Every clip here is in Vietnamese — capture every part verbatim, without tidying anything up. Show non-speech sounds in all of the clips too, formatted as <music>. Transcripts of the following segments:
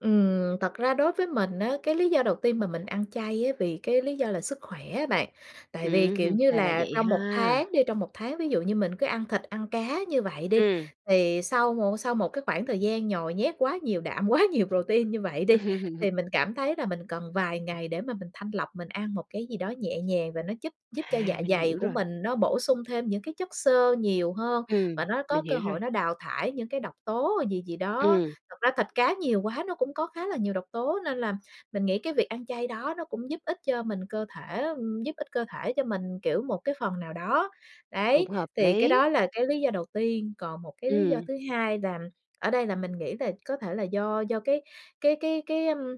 Ừm, thật ra đối với mình á, cái lý do đầu tiên mà mình ăn chay á vì cái lý do là sức khỏe á bạn. Tại vì, kiểu Ừm. như Ra là là, vậy trong ha! một tháng đi trong một tháng, ví dụ như mình cứ ăn thịt ăn cá như vậy đi, Ừm. thì sau một sau một cái khoảng thời gian nhồi nhét quá nhiều đạm, quá nhiều protein như vậy đi, thì mình <laughs> cảm thấy là mình cần vài ngày để mà mình thanh lọc, mình ăn một cái gì đó nhẹ nhàng và nó giúp giúp cho À, dạ mình dày hiểu của rồi. mình nó bổ sung thêm những cái chất xơ nhiều hơn, và Ừm, nó có mình cơ hiểu rồi. hội nó đào thải những cái độc tố gì gì đó. Ừm. Thật ra thịt cá nhiều quá nó cũng có khá là nhiều độc tố, nên là mình nghĩ cái việc ăn chay đó nó cũng giúp ích cho mình cơ thể á, ừm, giúp ích cơ thể cho mình, kiểu, một cái phần nào đó. Đấy, Cũng hợp thì cái lý. đó là cái lý do đầu tiên, còn một cái lý do Ừm. thứ hai là ở đây là mình nghĩ về có thể là do do cái cái cái cái, ưm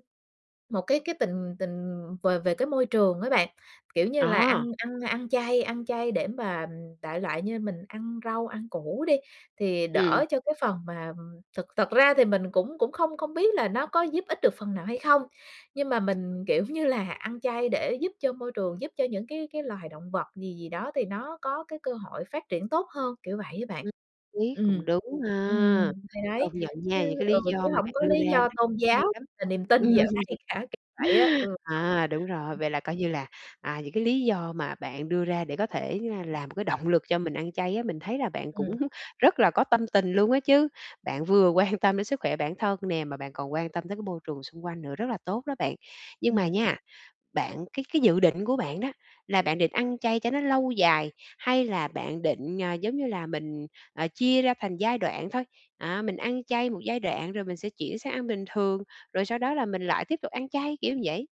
một cái cái tình tình về về cái môi trường á bạn. Kiểu như là ăn Ờ. ăn ăn chay ăn chay để mà đại loại như mình ăn rau, ăn củ đi, thì Ừm. đỡ cho cái phần mà thực thực ra thì mình cũng cũng không không biết là nó có giúp ích được phần nào hay không, nhưng mà mình, kiểu như là, ăn chay để giúp cho môi trường, giúp cho những cái cái loài động vật gì gì đó thì nó có cái cơ hội phát triển tốt hơn, kiểu vậy á bạn. Ừm lý, cũng Ừm. đúng Ừm, ha! thì Công đấy, nhận chứ nha, những cái ừ, lý do chứ mà hổng bạn có đưa lý ra nó do tôn cũng hay giáo lắm. là niềm tin gì ở đây cả, kiểu vậy á. <laughs> Ừm. À, đúng rồi, vậy là coi như là, à, những cái lý do mà bạn đưa ra để có thể, ờ, làm một cái động lực cho mình ăn chay á, mình thấy là bạn cũng Ừm. rất là có tâm tình luôn á chứ. Bạn vừa quan tâm đến sức khỏe bản thân nè, mà bạn còn quan tâm tới cái môi trường xung quanh nữa, rất là tốt đó bạn. Nhưng mà Ừm. nha, bạn cái cái dự định của bạn đó là bạn định ăn chay cho nó lâu dài hay là bạn định, à, giống như là mình, à, chia ra thành giai đoạn thôi? À, mình ăn chay một giai đoạn rồi mình sẽ chuyển sang ăn bình thường, rồi sau đó là mình lại tiếp tục ăn chay, kiểu như vậy.